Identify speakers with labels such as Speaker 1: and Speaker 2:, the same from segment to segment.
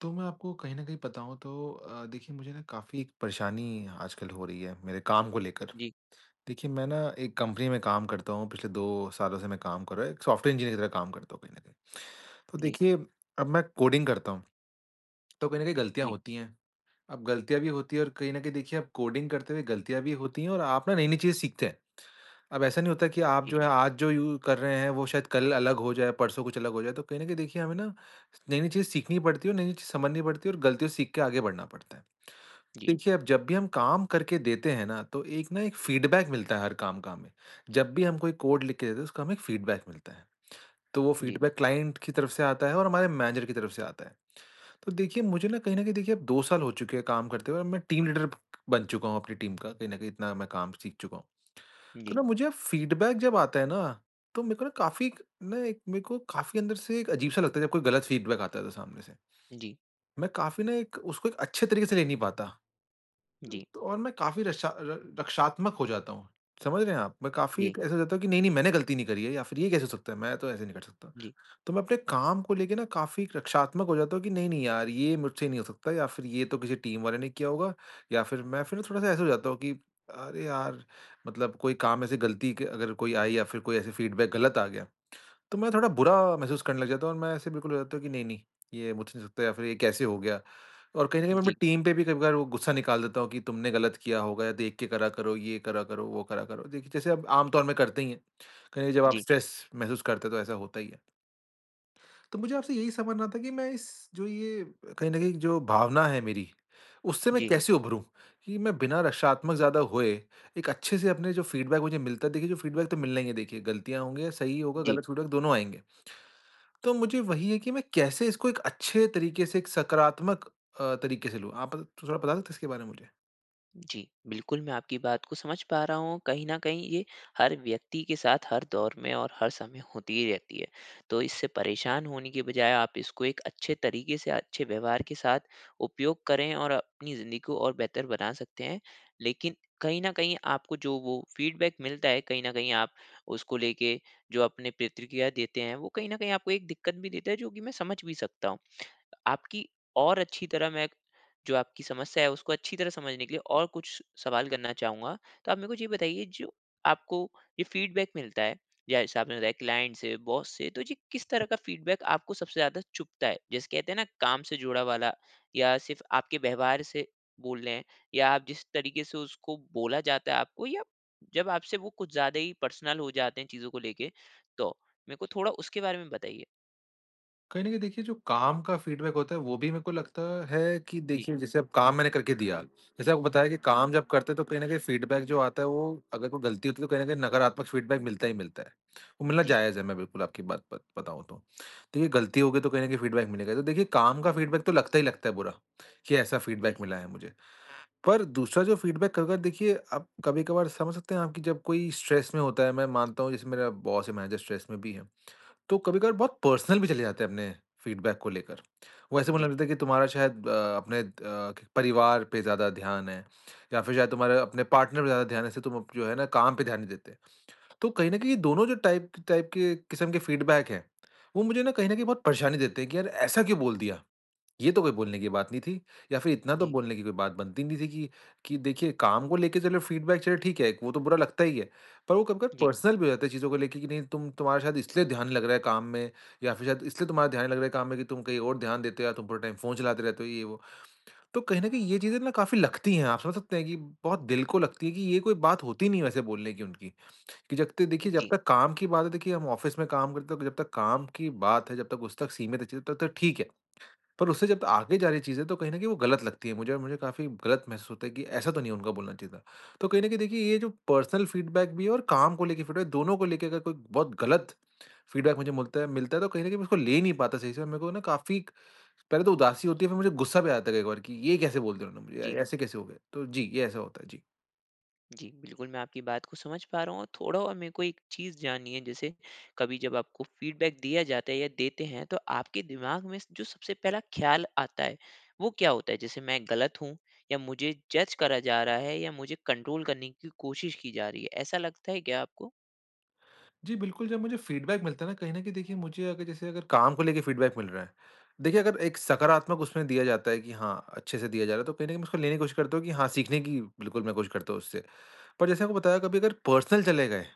Speaker 1: तो मैं आपको कहीं न कहीं बताऊँ तो अ, देखिए मुझे ना काफ़ी एक परेशानी आजकल हो रही है मेरे काम को लेकर,
Speaker 2: जी।
Speaker 1: देखिए मैं ना एक कंपनी में काम करता हूँ, पिछले 2 सालों से मैं काम कर रहा हूँ, एक सॉफ्टवेयर इंजीनियर की तरह काम करता हूँ कहीं न कहीं। तो
Speaker 2: जी।
Speaker 1: देखिए अब मैं कोडिंग करता हूँ, तो कहीं न कहीं गलतियाँ
Speaker 2: जी।
Speaker 1: होती हैं, अब गलतियाँ भी होती हैं और कहीं न कहीं देखिए आप कोडिंग करते हुए गलतियाँ भी होती हैं और आप ना नई-नई चीज़ें सीखते हैं, अब ऐसा नहीं होता कि आप
Speaker 2: जी।
Speaker 1: जो है आज जो यू कर रहे हैं वो शायद कल अलग हो जाए, परसों कुछ अलग हो जाए, तो कहीं न कहीं देखिए हमें ना नई-नई चीज़ें सीखनी पड़ती है और नई-नई चीज़ समझनी पड़ती है और गलतियों सीख के आगे बढ़ना पड़ता है।
Speaker 2: जी।
Speaker 1: देखिए अब जब भी हम काम करके देते हैं ना तो एक ना एक फीडबैक मिलता है हर काम का हमें, जब भी हम कोई कोड लिख के देते हैं उसका हमें एक फीडबैक मिलता है। तो वो
Speaker 2: जी।
Speaker 1: फीडबैक क्लाइंट की तरफ से आता है और हमारे मैनेजर की तरफ से आता है, तो देखिए मुझे ना कहीं न कहीं देखिए 2 साल हो चुके हैं काम करते हुए मैं टीम लीडर बन चुका हूँ अपनी टीम का, कहीं न कहीं इतना मैं काम सीख चुका हूँ। तो
Speaker 2: जी।
Speaker 1: ना मुझे फीडबैक जब आता है ना, तो मेरे को ना काफ़ी एक ना एक मेरे को काफ़ी अंदर से एक अजीब सा लगता है जब कोई गलत फीडबैक आता है तो सामने से।
Speaker 2: जी।
Speaker 1: मैं काफ़ी ना एक उसको एक अच्छे तरीके से ले नहीं पाता
Speaker 2: जी।
Speaker 1: और मैं काफ़ी रक्षा र रक्षात्मक हो जाता हूँ। समझ रहे हैं आप? मैं काफ़ी
Speaker 2: जी।
Speaker 1: एक ऐसा हो जाता हूँ कि नहीं-नहीं मैंने गलती नहीं करी है या फिर ये कैसे हो सकता है? मैं तो ऐसे नहीं कर सकता।
Speaker 2: जी।
Speaker 1: तो मैं अपने काम को लेके ना काफ़ी रक्षात्मक हो जाता हूँ कि नहीं, नहीं यार ये मुझसे नहीं हो सकता या फिर ये तो किसी टीम वाले ने किया होगा या फिर मैं फिर ना थोड़ा-सा ऐसे हो जाता हूँ कि अरे यार, मतलब कोई काम ऐसे गलती के अगर कोई आई या फिर कोई ऐसे फीडबैक गलत आ गया। तो मैं थोड़ा बुरा महसूस करने लग जाता हूँ और मैं ऐसे बिल्कुल हो जाता हूँ कि नहीं-नहीं ये मुझसे नहीं सकता या फिर ये कैसे हो गया और कहीं न कहीं मैं अपनी
Speaker 2: जी।
Speaker 1: टीम पे भी कभी-कभार वो गुस्सा निकाल देता हूँ, कि तुमने गलत किया होगा या देख के करा करो, ये करा करो, वो करा करो। देखिए जैसे अब आम तौर में करते ही हैं। कहीं न कहीं जब आप
Speaker 2: जी।
Speaker 1: स्ट्रेस महसूस करते हैं तो ऐसा होता ही है। तो मुझे आपसे यही समझना था कि मैं इस जो ये कहीं न कहीं जो भावना है मेरी उससे मैं
Speaker 2: जी।
Speaker 1: कैसे उभरूँ? कि मैं बिना रक्षात्मक ज़्यादा हुए एक अच्छे से अपने जो फीडबैक मुझे मिलता है देखिए जो फीडबैक तो मिलना ही है देखिए गलतियाँ होंगी, सही होगा,
Speaker 2: जी।
Speaker 1: गलत फीडबैक दोनों आएँगे। तो मुझे वही है कि मैं कैसे इसको एक अच्छे तरीके से एक सकारात्मक अ, तरीके से लूँ। आप थोड़ा-थोड़ा बता सकते हैं इसके बारे में मुझे?
Speaker 2: जी, बिल्कुल। मैं आपकी बात को समझ पा रहा हूँ। कहीं न कहीं ये हर व्यक्ति के साथ हर दौर में और हर समय होती ही रहती है। तो इससे परेशान होने के बजाय आप इसको एक अच्छे तरीके से अच्छे व्यवहार के साथ उपयोग करें और अपनी ज़िंदगी को और बेहतर बना सकते हैं, लेकिन कहीं न कहीं आपको जो वो फ़ीडबैक मिलता है कहीं न कहीं आप उसको लेके जो अपनी प्रतिक्रिया देते हैं वो कहीं न कहीं आपको एक दिक्कत भी देता है जो की मैं समझ भी सकता हूँ। आपकी और अच्छी तरह मैं जो आपकी समस्या है उसको अच्छी तरह समझने के लिए और कुछ सवाल करना चाहूँगा। तो आप मेरे को ये बताइए जो आपको ये फ़ीडबैक मिलता है, जैसे आपने बताया क्लाइंट से, बॉस से, तो ये किस तरह का फ़ीडबैक आपको सबसे ज़्यादा चुभता है? जैसे कहते है ना काम से जुड़ा वाला या सिर्फ आपके व्यवहार से बोल रहे हैं, या आप जिस तरीके से उसको बोला जाता है आपको, या जब आपसे वो कुछ ज़्यादा ही पर्सनल हो जाते हैं चीज़ों को लेके तो? मेरे को थोड़ा उसके बारे में बताइए?
Speaker 1: कहीं न कहीं देखिए जो काम का फ़ीडबैक होता है वो भी मेरे को लगता है कि
Speaker 2: जी।
Speaker 1: देखिए जैसे अब काम मैंने करके दिया, जैसे आपको बताया कि काम जब करते हैं तो कहीं न कहीं फ़ीडबैक जो आता है वो अगर कोई गलती होती है तो कहीं न कहीं नकारात्मक फ़ीडबैक मिलता ही मिलता है। वो मिलना
Speaker 2: जी।
Speaker 1: जायज़ है मैं बिल्कुल आपकी बात बत बताऊँ तो। देखिए गलती हो गई तो कहीं न कहीं फ़ीडबैक मिलेगा। तो देखिए काम का फ़ीडबैक तो लगता ही लगता है बुरा कि ऐसा
Speaker 2: जी।
Speaker 1: फ़ीडबैक मिला है मुझे। पर दूसरा जो फ़ीडबैक कभी-कभार देखिए, आप कभी-कभार समझ सकते हैं आप कि जब कोई स्ट्रेस में होता है, मैं मानता हूँ जैसे मेरा बॉस है मैनेजर स्ट्रेस में भी है। तो कभी-कभार बहुत पर्सनल भी चले जाते हैं अपने फ़ीडबैक को लेकर। वो ऐसे
Speaker 2: जी।
Speaker 1: बोलने लगते है कि तुम्हारा शायद अ, अपने द परिवार पे ज़्यादा ध्यान है, या फिर शायद तुम्हारे अपने पार्टनर पे ज़्यादा ध्यान है जिससे तुम जो है ना काम पे ध्यान नहीं देते। तो कहीं न कहीं दोनों जो टाइप टाइप के किस्म के फ़ीडबैक हैं, वो मुझे ना कहीं न कहीं बहुत परेशानी देते हैं कि यार ऐसा क्यों बोल दिया? ये तो कोई बोलने की बात नहीं थी। या फिर इतना तो
Speaker 2: जी।
Speaker 1: बोलने की कोई बात बनती नहीं थी कि कि देखिए काम को लेके चलो फ़ीडबैक चलो ठीक है वो तो बुरा लगता ही है। पर वो कभी-कभी
Speaker 2: जी।
Speaker 1: पर्सनल भी हो जाता है चीज़ों को लेके कि नहीं तुम तुम्हारा शायद इसलिए ध्यान नहीं लग रहा है काम में या फिर शायद इसलिए तुम्हारा ध्यान नहीं लग रहा है काम में कि तुम कहीं और ध्यान देते हो या तुम पूरा टाइम फ़ोन चलाते रहते हो ये वो। तो कहीं न कहीं ये चीज़ें ना काफ़ी लगती हैं। आप समझ सकते हैं कि बहुत दिल को लगती है कि ये कोई बात होती नहीं है वैसे बोलने की उनकी कि जब तक देखिए जब
Speaker 2: जी।
Speaker 1: तक काम की बात है देखिए हम ऑफिस में काम करते हैं जब तक काम की बात है जब तक उस तक सीमित है चलिए तब तक ठीक है। पर उससे जब आगे जा रही है चीज़ें तो कहीं न कहीं वो गलत लगती है मुझे और मुझे काफ़ी गलत महसूस होता है कि ऐसा तो नहीं है उनको बोलना चाहिए था। तो कहीं न कहीं देखिए ये जो पर्सनल फ़ीडबैक भी है और काम को लेके फ़ीडबैक है। दोनों को लेके अगर कोई बहुत गलत फ़ीडबैक मुझे मुलता है मिलता है तो कहीं न कहीं मैं उसको ले नहीं पाता सही से और मेरे को ना काफ़ी पहले तो उदासी होती है फिर मुझे गुस्सा भी आ जाता है कभी-कभार कि ये कैसे बोल दिया उन्होंने मुझे?
Speaker 2: जी।
Speaker 1: ऐसे कैसे हो गया? तो जी, ये ऐसा होता है, जी।
Speaker 2: जी, बिल्कुल, मैं आपकी बात को समझ पा रहा हूँ और थोड़ा और मेरे को एक चीज़ जाननी है, जैसे कभी जब आपको फीडबैक दिया जाता है या देते हैं तो आपके दिमाग में जो सबसे पहला ख्याल आता है, वो क्या होता है? जैसे मैं गलत हूँ? या मुझे जज करा जा रहा है या मुझे कंट्रोल करने की कोशिश की जा रही है, ऐसा लगता है क्या आपको?
Speaker 1: जी, बिल्कुल, जब मुझे फीडबैक मिलता है न, कहीं न कहीं देखिए मुझे अगर जैसे अगर काम को लेके फीडबैक मिल रहा है। देखिए अगर एक सकारात्मक उसमें दिया जाता है कि हाँ, अच्छे से दिया जा रहा है, तो कहीं न कहीं उसको लेने की कोशिश करता हूँ कि हाँ, सीखने की बिल्कुल मैं कोशिश करता हूँ उससे। पर जैसे मैंने आपको बताया कभी अगर पर्सनल चले गए,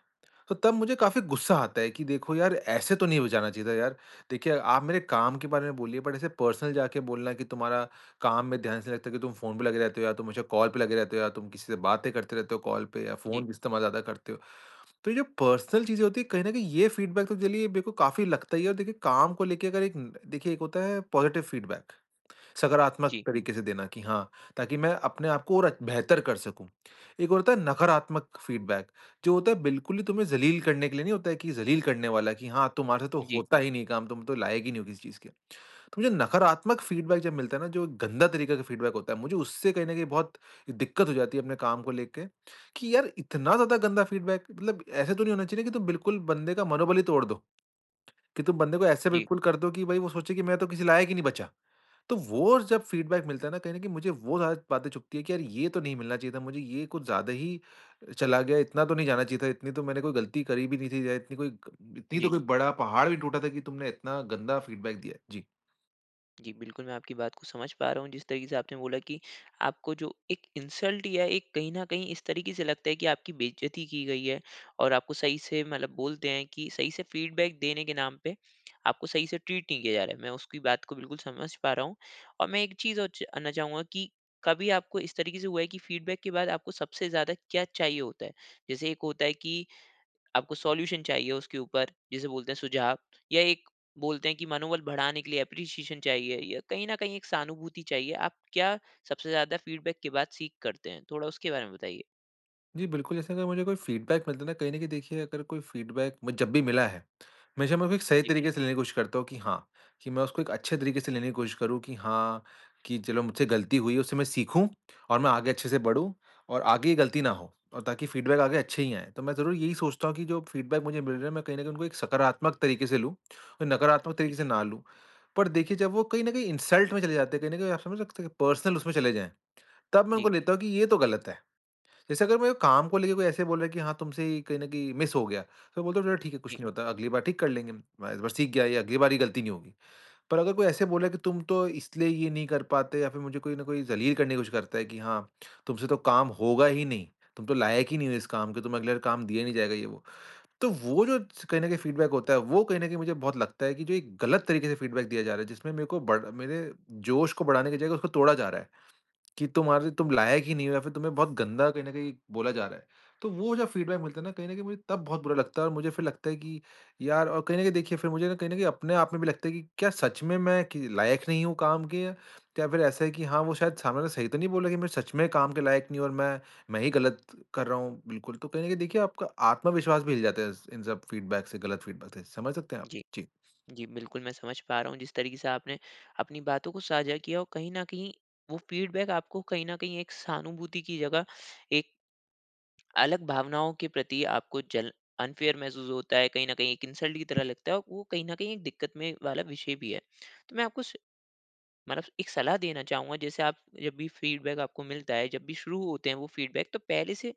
Speaker 1: तो तब मुझे काफ़ी गुस्सा आता है कि देखो यार ऐसे तो नहीं हो जाना चाहिए था यार। देखिए आप मेरे काम के बारे में बोलिए, बट ऐसे पर्सनल जाके बोलना है कि, "तुम्हारा काम में ध्यान इसलिए नहीं लगता कि तुम फ़ोन पे लगे रहते हो या तुम मुझे कॉल पे लगे रहते हो या तुम किसी से बातें करते रहते हो, कॉल पे या
Speaker 2: जी।
Speaker 1: फ़ोन इस्तेमाल ज़्यादा करते हो।" तो ये जो पर्सनल चीज़ें होती है, कहीं न कहीं ये फीडबैक तो चलिए मेरे को काफ़ी लगता ही है और देखिए काम को लेके न देखिए एक होता है पॉजिटिव फीडबैक सकारात्मक
Speaker 2: जी
Speaker 1: तरीके से देना कि हाँ, ताकि मैं अपने आपको और बेहतर कर सकूँ। एक और होता है नकारात्मक फीडबैक जो होता है बिल्कुल ही तुम्हें ज़लील करने के लिए नहीं होता है कि ज़लील करने वाला है कि हाँ, तुम्हारे से तो
Speaker 2: जी।
Speaker 1: होता ही नहीं है काम तुम तो लायक ही नहीं हो किसी चीज़ के। तो मुझे नकारात्मक फीडबैक जब मिलता है ना, जो गंदा तरीके का फीडबैक होता है, मुझे उससे कहीं न कहीं बहुत दिक्कत हो जाती है, अपने काम को लेके कि यार इतना ज़्यादा गंदा फीडबैक मतलब ऐसा तो नहीं होना चाहिए कि तुम बिल्कुल बंदे का मनोबल ही तोड़ दो कि तुम बंदे को ऐसा
Speaker 2: जी।
Speaker 1: बिल्कुल कर दो कि भाई वो सोचे कि मैं तो किसी लायक ही नहीं बचा। तो वो जब फीडबैक मिलता है ना कहीं न कहीं मुझे वो ज़्यादा बातें चुभती हैं कि यार ये तो नहीं मिलना चाहिए था मुझे, ये कुछ ज़्यादा ही चला गया, इतना तो नहीं जाना चाहिए था इतनी तो मैंने कोई गलती करी भी नहीं थी, इतनी इतनी तो
Speaker 2: जी।
Speaker 1: कोई बड़ा पहाड़ भी टूटा था कि तुमने इतना गंदा फीडबैक दिया है। जी।
Speaker 2: जी, बिल्कुल मैं आपकी बात को समझ पा रहा हूँ, जिस तरीक़े से आपने बोला कि आपको जो एक इंसल्ट या एक कहीं न कहीं इस तरीक़े से लगता है कि आपकी बेइज़्ज़ती की गई है और आपको सही से मतलब बोलते हैं, कि सही से फ़ीडबैक देने के नाम पे, आपको सही से ट्रीट नहीं किया जा रहा है। मैं उसकी बात को बिल्कुल समझ पा रहा हूँ और मैं एक चीज़ और जानना चाहूँगा कि कभी आपको इस तरीक़े से हुआ है कि फ़ीडबैक के बाद आपको सबसे ज़्यादा क्या चाहिए होता है, जैसे एक होता है कि, आपको सॉल्यूशन चाहिए उसके ऊपर, जिसे बोलते हैं सुझाव। या एक बोलते है कि मनोबल बढ़ाने के लिए एप्रीशिएशन चाहिए या कहीं न कहीं एक सहानुभूति चाहिए, आप क्या सबसे ज़्यादा फ़ीडबैक के बाद सीक करते हैं? थोड़ा उसके बारे में बताइए?
Speaker 1: जी, बिल्कुल, जैसे अगर मुझे कोई फ़ीडबैक मिलता है ना, कहीं न कहीं देखिए अगर कोई फ़ीडबैक मे जब भी मिला है, हमेशा मैं उसको सही
Speaker 2: जी।
Speaker 1: तरीक़े से लेने की कोशिश करता हूँ कि हाँ, कि मैं उसको एक अच्छे तरीक़े से लेने की कोशिश करूँ कि हाँ, कि चलो मुझसे गलती हुई है, उससे मैं सीखूँ। और मैं आगे अच्छे से बढ़ूँ और आगे ये गलती ना हो और ताकि फ़ीडबैक आगे अच्छे ही आएँ। तो मैं ज़रूर यही सोचता हूँ कि जो फ़ीडबैक मुझे मिल रहा है, मैं कहीं न कहीं उनको एक सकारात्मक तरीक़े से लूँ और नकारात्मक
Speaker 2: जी।
Speaker 1: तरीक़े से ना लूँ। पर देखिए जब वो कहीं न कहीं इंसल्ट में चले जाते हैं, कहीं न कहीं आप समझ सकते हैं कि पर्सनल उसमें चले जाएँ, तब मैं उनको
Speaker 2: जी।
Speaker 1: लेता हूँ कि ये तो गलत है। जैसे अगर मेरे काम को लेके कोई ऐसे बोल रहा है कि, "हाँ, तुमसे ही कहीं न कहीं मिस हो गया," तो बोलता हूँ, "चलो ठीक है, कुछ
Speaker 2: जी।
Speaker 1: नहीं होता, अगली बार ठीक कर लेंगे। मैं इस बार सीख गया ये अगली बार ये गलती नहीं होगी," पर अगर कोई ऐसे बोला है कि, "तुम तो इसलिए ये नहीं कर पाते" या फिर मुझे कोई ना कोई जलील करने की कोशिश करता है कि "हाँ, तुमसे तो काम होगा ही नहीं, तुम तो लायक ही नहीं हो इस काम के, तुम अगले बार काम दिया ही नहीं जाएगा" ये वो। तो वो जो कहीं न कहीं फ़ीडबैक होता है वो कहीं न कहीं मुझे बहुत लगता है कि जो एक गलत तरीक़े से फ़ीडबैक दिया जा रहा है, जिसमें मेरे को बर मेरे जोश को बढ़ाने की जगह उसको तोड़ा जा रहा है, कि तुम्हारे तुम लायक ही नहीं हो या फिर तुम्हें बहुत गंदा कहीं न कहीं बोला जा रहा है, तो वो जो फ़ीडबैक मिलता है ना, कहीं न कहीं मुझे तब बहुत बुरा लगता है और मुझे लगता है कि यार और कहीं न कहीं देखिए फिर मुझे कहीं न कहीं अपने आप में भी लगता है कि क्या सच में मैं कि लायक नहीं हूँ काम के? क्या फिर ऐसा है कि हाँ, वो शायद सामने ने वाला सही तो नहीं बोला कि मैं सच में काम के लायक नहीं हूँ? और मैं मैं ही गलत कर रहा हूँ बिल्कुल, तो कहीं न कहीं देखिए आपका आत्मविश्वास भी हिल जाता है इस इन सब फ़ीडबैक से गलत फ़ीडबैक से, समझ सकते हैं आप?
Speaker 2: जी,
Speaker 1: जी।
Speaker 2: जी, बिल्कुल, मैं समझ पा रहा हूँ जिस तरीक़े से आपने अपनी बातों को साझा किया और कहीं न कहीं वो फ़ीडबैक आपको कहीं न कहीं एक सहानुभूति की जगह एक अलग भावनाओं के प्रति आपको जल अनफ़ेयर महसूस होता है कहीं न कहीं एक इंसल्ट की तरह लगता है वो कहीं न कहीं एक दिक्कत में वाला विषय भी है। तो मैं आपको स मतलब एक सलाह देना चाहूँगा जैसे आप जब भी फ़ीडबैक आपको मिलता है जब भी शुरू होते हैं वो फ़ीडबैक तो पहले से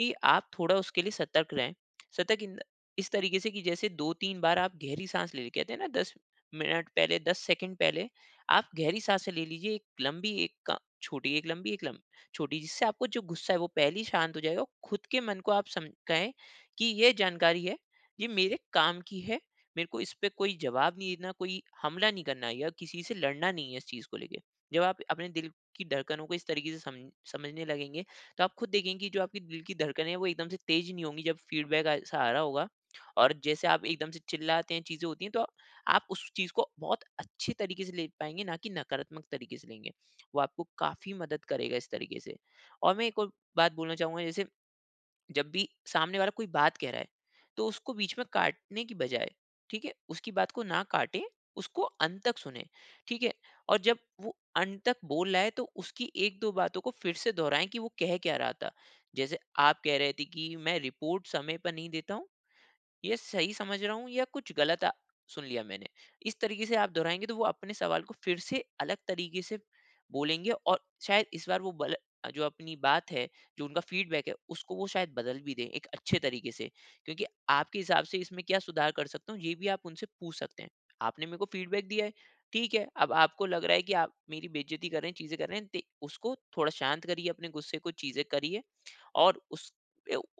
Speaker 2: ही आप थोड़ा उसके लिए सतर्क रहें। सतर्क इन द इस तरीक़े से कि जैसे 2-3 बार आप गहरी साँस ले, कहते है ना 10 मिनट पहले, 10 सेकंड पहले आप गहरी साँसे ले लीजिए 1 लंबी, 1 छोटी, 1 लंबी 1 लम छोटी। जिससे आपको जो गुस्सा है वो पहले ही शांत हो जाएगा औ खुद के मन को आप सम कहें कि ये जानकारी है, ये मेरे काम की है। मेरे को इस पे कोई जवाब नहीं देना, कोई हमला नहीं करना या किसी से लड़ना नहीं है इस चीज़ को लेके। जब आप अपने दिल की धड़कन को इस तरीक़े से सम समझने लगेंगे, तो आप खुद देखेंगे की जो आपकी दिल की धड़कने हैं, वो एकदम से तेज़ नहीं होंगी जब फ़ीडबैक आ सा रहा होगा। और जैसे आप एकदम से चिल्लाते हैं, चीज़ें होती है तो, आप उस चीज़ को बहुत अच्छे तरीक़े से ले पाएँगे ना कि नकारात्मक तरीक़े से लेंगे, वो आपको काफ़ी मदद करेगा इस तरीक़े से और मैं एक और बात बोलना चाहूँगा जैसे, जब भी सामने वाला कोई बात कह रहा है, तो उसको बीच में काटने की बजाए, ठीक है? उसकी बात को ना काटे उसको अंत तक सुने, ठीक है? और जब वो अंत तक बोल रहा है तो उसकी 1-2 बातों को फिर से दोहराएँ कि वो कह क्या रहा था, जैसे आप कह रहे थे कि मैं रिपोर्ट समय पर नहीं देता हूँ, ये सही समझ रहा हूँ या कुछ गलत सुन लिया मैंने? इस तरीक़े से आप दोहराएँगे तो वो अपने सवाल को फिर से अलग तरीक़े से बोलेंगे और शायद इस बार वो बल जो अपनी बात है, जो उनका फ़ीडबैक है, उसको वो शायद बदल भी दें, एक अच्छे तरीक़े से क्योंकि आपके हिसाब से इसमें क्या सुधार कर सकता हूँ ये भी आप उनसे पूछ सकते हैं। आपने मेरे को फ़ीडबैक दिया है, ठीक है, अब आपको लग रहा है कि आप मेरी बेइज़्ज़ती कर रहे हैं, चीज़ें कर रहे है, ते उसको थोड़ा शांत करिए अपने गुस्से को चीज़ें करिए और उस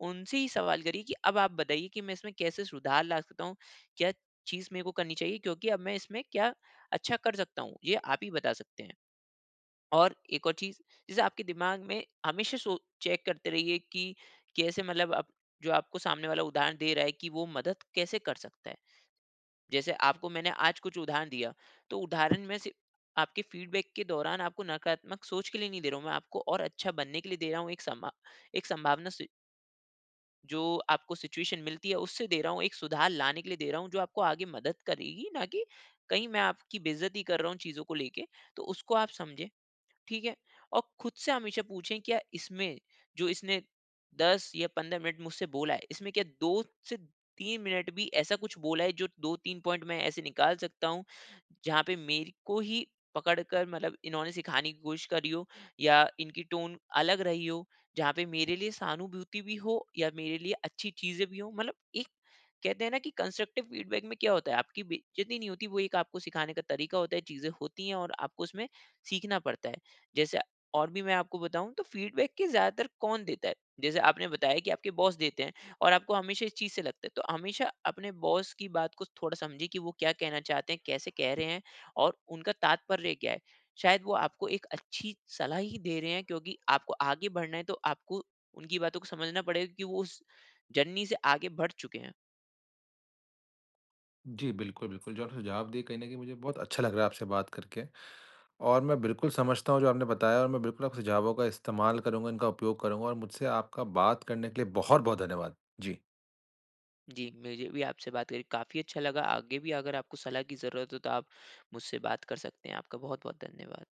Speaker 2: उनसे ही सवाल करिए कि अब आप बताइए कि मैं इसमें कैसे सुधार ला सकता हूँ? क्या चीज़ मेरे को करनी चाहिए, क्योंकि अब मैं इसमें क्या अच्छा कर सकता हूँ, ये आप ही बता सकते हैं। और एक और चीज़, जैसे आपके दिमाग में हमेशा सो चेक करते रहिए कि, कैसे मतलब आप जो आपको सामने वाला उदाहरण दे रहा है कि वो मदद कैसे कर सकता है। जैसे आपको मैंने आज कुछ उदाहरण दिया, तो उदाहरण में से आपके फ़ीडबैक के दौरान आपको नकारात्मक सोच के लिए नहीं दे रहा हूँ मैं आपको और अच्छा बनने के लिए दे रहा हूँ एक सम्भव एक संभावना स जो आपको सिचुएशन मिलती है उससे दे रहा हूँ, एक सुधार लाने के लिए दे रहा हूँ, जो आपको आगे मदद करेगी ना कि कहीं मैं आपकी बेइज़्ज़ती कर रहा हूँ, चीज़ों को लेके, तो उसको आप समझें, ठीक है। और ख़ुद से हमेशा पूछें क्या इसमें जो इसने 10 या 15 मिनट मुझसे बोला है, इसमें क्या 2 से 3 मिनट भी ऐसा कुछ बोला है जो 2-3 पॉइंट मैं ऐसे निकाल सकता हूँ, जहाँ पे मेरे को ही पकड़ कर मतलब इन्होने सिखाने की कोशिश करी हो या इनकी टोन अलग रही हो, जहाँ पे मेरे लिए सहानुभूति भी हो या मेरे लिए अच्छी चीज़ें भी हो? मतलब एक कहते हैं ना कि कंस्ट्रक्टिव फीडबैक में क्या होता है आपकी बेइज़्ज़ती नहीं होती वो एक आपको सिखाने का तरीक़ा होता है, चीज़ें होतीं है और आपको उसमें सीखना पड़ता है। जैसे और भी मैं आपको बताऊँ तो फीडबैक के ज़्यादातर कौन देता है, जैसे आपने बताया कि आपके बॉस देते हैं और आपको हमेशा इस चीज़ से लगता है। तो हमेशा अपने बॉस की बात को थोड़ा समझिए कि वो क्या कहना चाहते हैं, कैसे कह रहे हैं और उनका तात्पर्य क्या है? शायद वो आपको एक अच्छी सलाह ही दे रहे हैं क्योंकि आपको आगे बढ़ना है, तो आपको उनकी बातों को समझना पड़ेगा कि वो उस जर्नी से आगे बढ़ चुके हैं।
Speaker 1: जी, बिल्कुल, बिल्कुल जो आपने सुझाव दिए कहीं न कहीं मुझे बहुत अच्छा लग रहा है आपसे बात करके और मैं बिल्कुल समझता हूँ जो आपने बताया और मैं बिल्कुल अब सुझावों का इस्तेमाल करूँगा, इनका उपयोग करूँगा, और मुझसे आपका बात करने के लिए बहुत-बहुत धन्यवाद। जी।
Speaker 2: जी, मुझे भी आपसे बात कर के काफ़ी अच्छा लगा, आगे भी अगर आपको सलाह की ज़रूरत हो, तो आप मुझसे बात कर सकते हैं। आपका बहुत-बहुत धन्यवाद।